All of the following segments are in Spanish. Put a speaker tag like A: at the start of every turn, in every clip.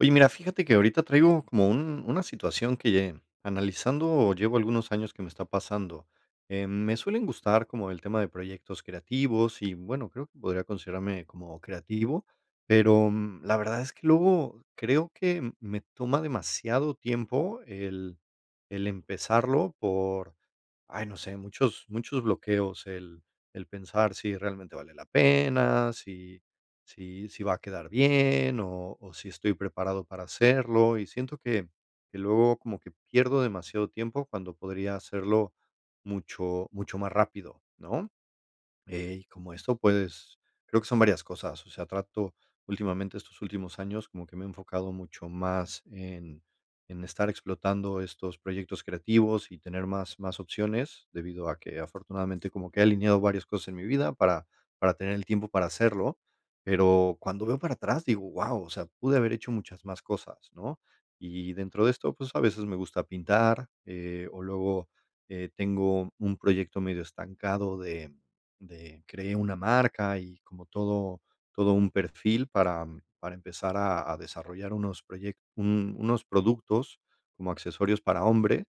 A: Oye, mira, fíjate que ahorita traigo como un una situación que lle analizando llevo algunos años, que me está pasando. Em, me suelen gustar como el tema de proyectos creativos y, bueno, creo que podría considerarme como creativo, pero, mm, la verdad es que luego creo que me toma demasiado tiempo el el empezarlo por, ay, no sé, muchos muchos bloqueos, el el pensar si realmente vale la pena, si si si va a quedar bien o o si estoy preparado para hacerlo, y siento que que luego como que pierdo demasiado tiempo cuando podría hacerlo mucho mucho más rápido, ¿no? Eh, y como esto, pues, creo que son varias cosas, o sea, trato últimamente estos últimos años como que me enfocado mucho más en en estar explotando estos proyectos creativos y tener más más opciones, debido a que afortunadamente como que he alineado varias cosas en mi vida para para tener el tiempo para hacerlo, pero cuando veo para atrás, digo: "Wao", o sea, pude haber hecho muchas más cosas, ¿no? Y dentro de esto, pues, a veces me gusta pintar, eh, o luego, eh, tengo un proyecto medio estancado de de cree una marca y como todo todo un perfil para para empezar a a desarrollar unos proyec un unos productos como accesorios para hombre,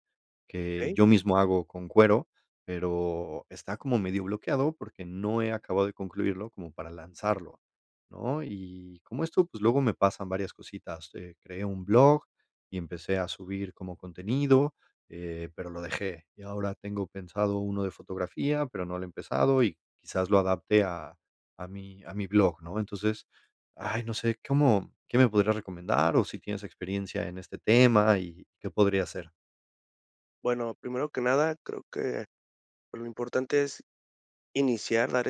A: que
B: Okey.
A: yo mismo hago con cuero, pero está como medio bloqueado porque no he acabado de concluirlo como para lanzarlo, ¿no? Y como esto, pues, luego me pasan varias cositas. Eh, creé un blog y empecé a subir como contenido, eh pero lo dejé y ahora tengo pensado uno de fotografía, pero no lo he empezado y quizás lo adapte a a mi a mi blog, ¿no?, entonces, ay, no sé, cómo, ¿qué me podría recomendar?, o si tienes experiencia en este tema y qué podría hacer.
B: Bueno, primero que nada, creo que lo importante es iniciar, dar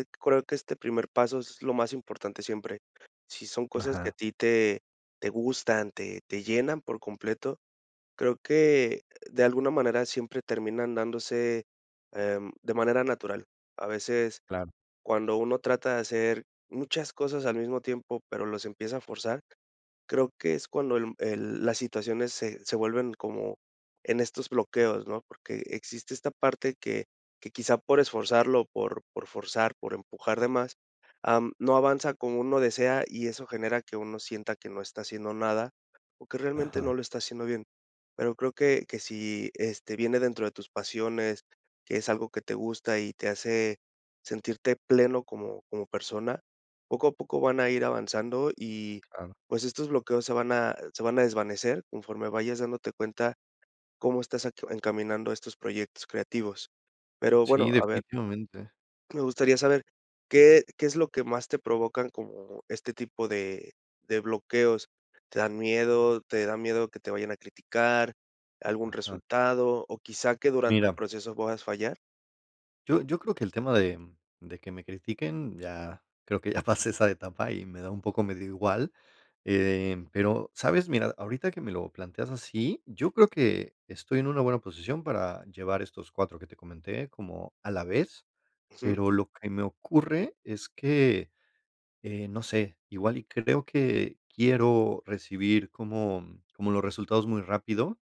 B: que este primer paso es lo más importante siempre, si son cosas que a
A: Ajá.
B: ti te te gustan te te llenan por completo. Creo que de alguna manera siempre terminan dándose em, de manera natural. A veces,
A: Claro.
B: cuando uno trata de hacer muchas cosas al mismo tiempo, pero los empieza a forzar, creo que es cuando el el las situaciones se se vuelven como en estos bloqueos, ¿no? Porque existe esta parte que que quizá por esforzarlo por por forzar por empujar de más, am no avanza como uno desea y eso genera que uno sienta que no está haciendo nada o que realmente no
A: Ajá.
B: lo está haciendo bien. Pero creo que que si este viene dentro de tus pasiones, es algo que te gusta y te hace sentirte pleno como como persona, poco a poco van a ir avanzando y
A: Claro.
B: pues estos bloqueos se van a se van a desvanecer conforme vayas dándote cuenta cómo estás encaminando estos proyectos creativos. Pero
A: Sí,
B: bueno, a ver,
A: definitivamente.
B: ¿Me gustaría saber qué qué es lo que más te provocan como este tipo de de bloqueos? ¿Te dan miedo? ¿Te dan miedo que te vayan a criticar algún
A: Ajá.
B: resultado? ¿O quizá que durante el
A: Mira.
B: proceso puedas fallar?
A: Yo yo creo que el tema de de que me critiquen ya creo que ya pasé esa etapa y me da un poco medio igual. Eh, pero, ¿sabes? Mira, ahorita que me lo planteas así, yo creo que estoy en una buena posición para llevar estos 4 que te comenté como a la vez,
B: Ujú.
A: pero lo que me ocurre es que, eh no sé, igual y creo que quiero recibir como como los resultados muy rápido,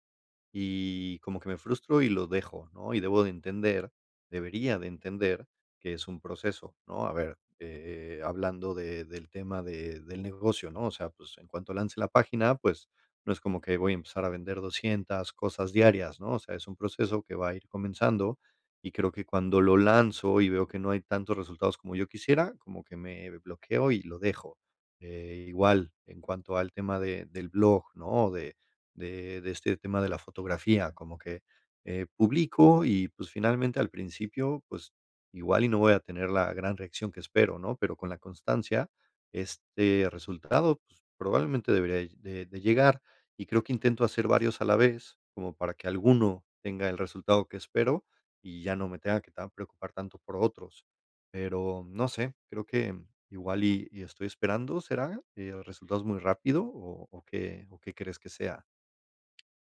A: y como que me frustro y los dejo, ¿no? Y debo de entender, debería de entender que es un proceso, ¿no? A ver, eh, hablando de del tema de del negocio, ¿no? O sea, pues, en cuanto lance la página, pues, no es como que voy a empezar a vender 200 cosas diarias, ¿no? O sea, es un proceso que va a ir comenzando, y creo que cuando lo lanzo y veo que no hay tantos resultados como yo quisiera, como que me bloqueo y lo dejo. Eh, igual, en cuanto al tema de del blog, ¿no? De de de este tema de la fotografía, como que eh, publico y, pues, finalmente, al principio, pues, igual y no voy a tener la gran reacción que espero, ¿no? Pero con la constancia, este resultado, pues, probablemente debería de de llegar, y creo que intento hacer varios a la vez, como para que alguno tenga el resultado que espero y ya no me tenga que tan preocupar tanto por otros. Pero no sé, creo que igual y y estoy esperando, ¿será eh, resultados muy rápido o o qué o qué crees que sea?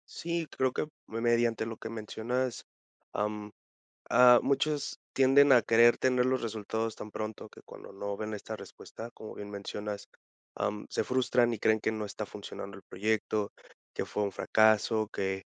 B: Sí, creo que me, mediante lo que mencionas, am, ah, muchos tienden a querer tener los resultados tan pronto que cuando no ven esta respuesta, como bien mencionas, am, se frustran y creen que no está funcionando el proyecto, que fue un fracaso que,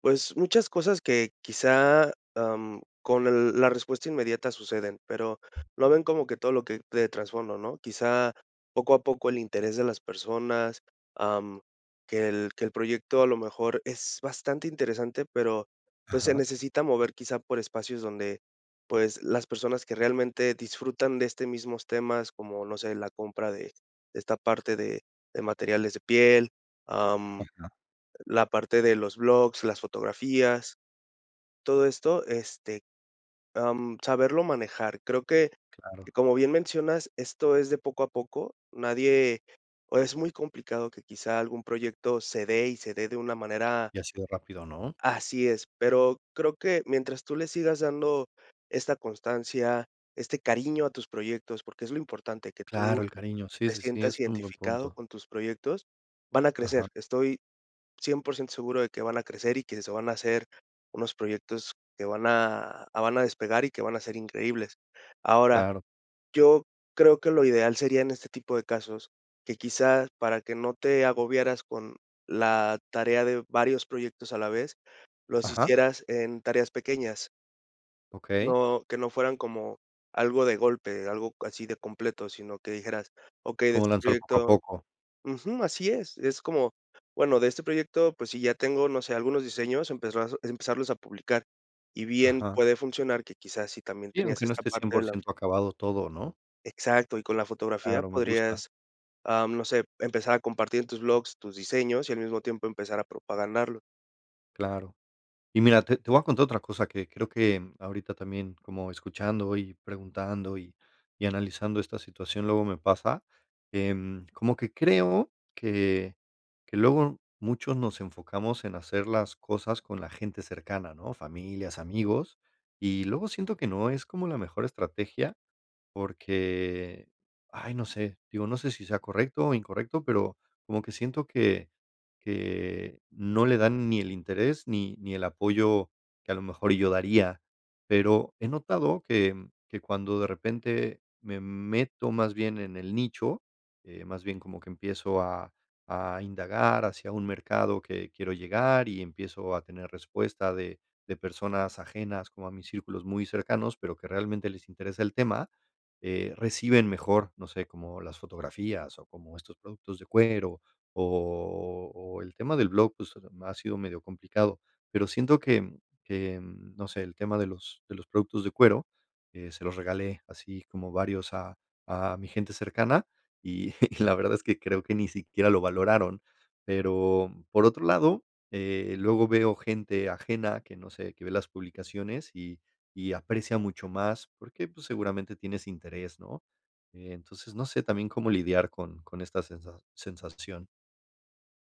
B: pues, muchas cosas que quizá, am, con el la respuesta inmediata suceden, pero lo ven como que todo lo que de trasfondo, ¿no?, quizá poco a poco el interés de las personas, am, que el que el proyecto, a lo mejor, es bastante interesante, pero, pues, se
A: Ajá.
B: necesita mover quizá por espacios donde, pues, las personas que realmente disfrutan de este mismos temas, como no sé, la compra de de esta parte de de materiales de piel, am,
A: Ajá.
B: la parte de los blogs, las fotografías, todo esto, este, am, saberlo manejar, creo que
A: Claro.
B: como bien mencionas, esto es de poco a poco, nadie, o es muy complicado que, quizá algún proyecto se dé, y se dé de una manera
A: Y ha sido rápido, ¿no?
B: Así es, pero creo que mientras tú le sigas dando esta constancia, este cariño a tus proyectos, porque es lo importante, que tú
A: Claro, el cariño, sí,
B: te
A: sí, sí, es
B: sientas
A: un buen
B: identificado
A: punto.
B: con tus proyectos, van a crecer,
A: Ajá.
B: estoy 100% seguro de que van a crecer y que se van a hacer unos proyectos que van a van a despegar y que van a ser increíbles, ahora,
A: Claro.
B: yo creo que lo ideal sería en este tipo de casos, que quizá para que no te agobiaras con la tarea de varios proyectos a la vez, los
A: Ajá.
B: hicieras en tareas pequeñas
A: Okey.
B: no que no fueran como algo de golpe, algo así de completo, sino que dijeras: "Okey de
A: Como
B: este
A: lanzar poco a
B: proyecto"
A: poco.
B: ujú, así es, es como, bueno, de "este proyecto, pues si, ya tengo no sé, algunos diseños", empezar a empezarlos a publicar, y bien
A: Ajá.
B: puede funcionar, que quizás si también
A: Y
B: tenías
A: aunque no
B: esta
A: esté cien
B: parte de
A: por
B: la
A: ciento acabado todo, ¿no?
B: exacto y con la fotografía
A: Claro, me gusta.
B: podrías, am, no sé, empezar a compartir en tus blogs, tus diseños y al mismo tiempo empezar a propagarlo.
A: Claro. Y mira, te te voy a contar otra cosa que creo que ahorita también como escuchando y preguntando y y analizando esta situación, luego me pasa, em, como que creo que que luego muchos nos enfocamos en hacer las cosas con la gente cercana, ¿no?, familias, amigos, y luego siento que no es como la mejor estrategia porque, ay, no sé, digo, no sé si sea correcto o incorrecto pero como que siento que que no le dan ni el interés ni ni el apoyo que a lo mejor yo daría. Pero he notado que que cuando de repente me meto más bien en el nicho, eh, más bien como que empiezo a a indagar hacia un mercado que quiero llegar y empiezo a tener respuesta de de personas ajenas como a mis círculos muy cercanos, pero que realmente les interesa el tema, eh, reciben mejor, no sé, como las fotografías o como estos productos de cuero o o el tema del blog, pues, ha sido medio complicado, pero siento que que, no sé, el tema de los de los productos de cuero, eh, se los regalé así como varios a a mi gente cercana, y y la verdad es que creo que ni siquiera lo valoraron. Pero, por otro lado, eh, luego veo gente ajena que, no sé, que ve las publicaciones y y aprecia mucho más porque, pues, seguramente tienes interés, ¿no? Eh, entonces, no sé también, ¿cómo lidiar con con esta sensa sensación?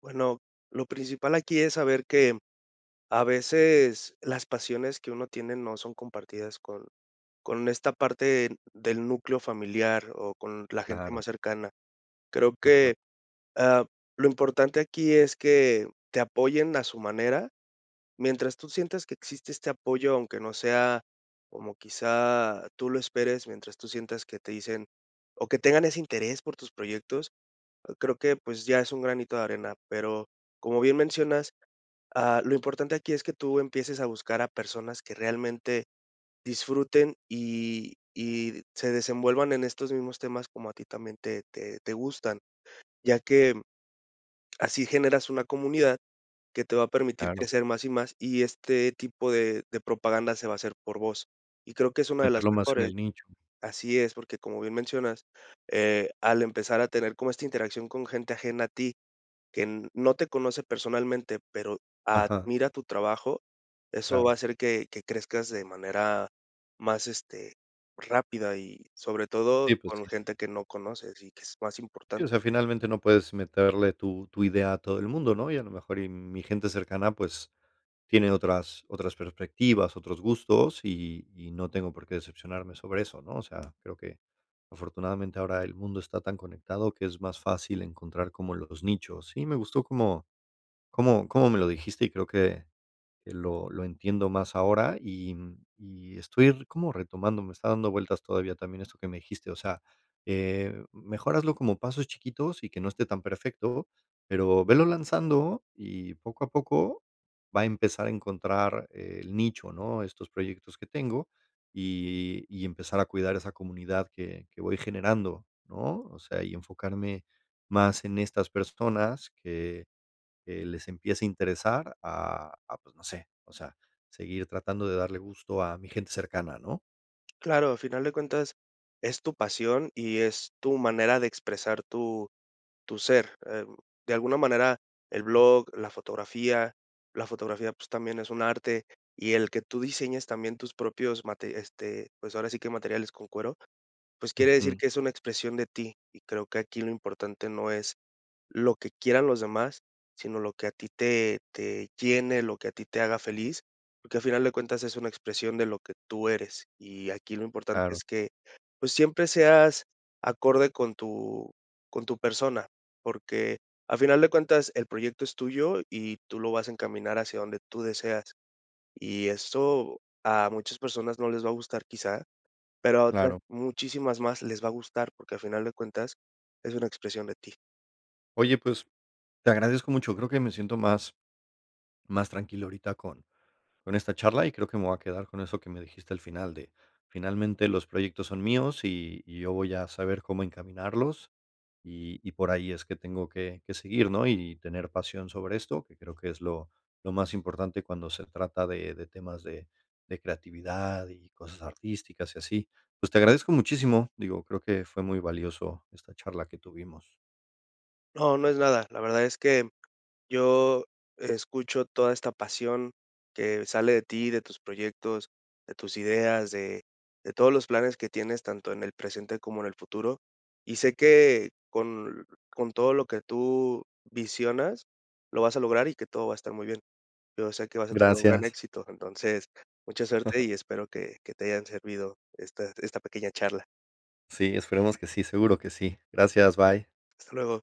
B: Bueno, lo principal aquí es saber que a veces las pasiones que uno tiene no son compartidas con con esta parte del núcleo familiar o con la gente
A: Claro.
B: más cercana. Creo
A: Ajá.
B: que, ah, lo importante aquí es que te apoyen a su manera. Mientras tú sientas que existe este apoyo, aunque no sea como quizá tú lo esperes, mientras tú sientas que te dicen o que tengan ese interés por tus proyectos, creo que, pues, ya es un granito de arena. Pero, como bien mencionas, ah, lo importante aquí es que tú empieces a buscar a personas que realmente disfruten y y se desenvuelvan en estos mismos temas como a ti también te te te gustan, ya que, mm, así generas una comunidad que te va a permitir
A: Claro.
B: crecer más y más, y este tipo de de propaganda se va a hacer por voz. Y creo que es una de las
A: Meterlo más en
B: mejores
A: el nicho.
B: Así es, porque, como bien mencionas, eh, al empezar a tener como esta interacción con gente ajena a ti, que no te conoce personalmente pero
A: Ajá.
B: admira tu trabajo, eso va a
A: Claro.
B: hacer que que crezcas de manera más, este, rápida, y sobre todo,
A: Sí, pues
B: con
A: sí.
B: gente que no conoces y que es más
A: Sí,
B: importante.
A: o sea, finalmente no puedes meterle tu tu idea a todo el mundo, ¿no? Y a lo mejor y mi gente cercana, pues, tiene otras otras perspectivas, otros gustos, y y no tengo por qué decepcionarme sobre eso, ¿no? O sea, creo que, afortunadamente, ahora el mundo está tan conectado que es más fácil encontrar como los nichos. Sí, me gustó como como como me lo dijiste y creo que que lo lo entiendo más ahora, y, mm, y estoy como retomando, me está dando vueltas todavía también esto que me dijiste, o sea, eh, mejor hazlo como pasos chiquitos y que no esté tan perfecto, pero velo lanzando y poco a poco va a empezar a encontrar el nicho, ¿no? Estos proyectos que tengo y y empezar a cuidar esa comunidad que que voy generando, ¿no? O sea, y enfocarme más en estas personas que, eh, les empiece a interesar, a a pues, no sé, o sea, seguir tratando de darle gusto a mi gente cercana, ¿no?
B: Claro, a final de cuentas es tu pasión y es tu manera de expresar tu tu ser, em, de alguna manera el blog, la fotografía. La fotografía, pues, también es un arte, y el que tú diseñes también tus propios mate este, pues, ahora sí que materiales con cuero, pues, quiere decir
A: Ujú.
B: que es una expresión de ti. Y creo que aquí lo importante no es lo que quieran los demás, sino lo que a ti te te llene, lo que a ti te haga feliz, que a final de cuentas es una expresión de lo que tú eres, y aquí lo importante
A: Claro.
B: es que, pues, siempre seas acorde con tu con tu persona, porque a final de cuentas el proyecto es tuyo y tú lo vas a encaminar hacia donde tú deseas. Y eso a muchas personas no les va a gustar quizá, pero a otras
A: Claro.
B: muchísimas más les va a gustar porque a final de cuentas es una expresión de ti.
A: Oye, pues, te agradezco mucho. Creo que me siento más más tranquilo ahorita con con esta charla, y creo que me voy a quedar con eso que me dijiste al final de, finalmente, los proyectos son míos y y yo voy a saber cómo encaminarlos, y y por ahí es que tengo que que seguir, ¿no?, y tener pasión sobre esto, que creo que es lo lo más importante cuando se trata de de temas de de creatividad y cosas artísticas y así. Pues, te agradezco muchísimo, digo, creo que fue muy valioso esta charla que tuvimos.
B: No, no es nada. La verdad es que yo escucho toda esta pasión que sale de ti, de tus proyectos, de tus ideas, de de todos los planes que tienes tanto en el presente como en el futuro y sé que con con todo lo que tú visionas lo vas a lograr y que todo va a estar muy bien. Yo sé que vas a tener un gran
A: Gracias.
B: éxito, entonces, mucha suerte y espero que que te hayan servido esta esta pequeña charla.
A: Sí, esperemos que sí, seguro que sí. Gracias, bye.
B: Hasta luego.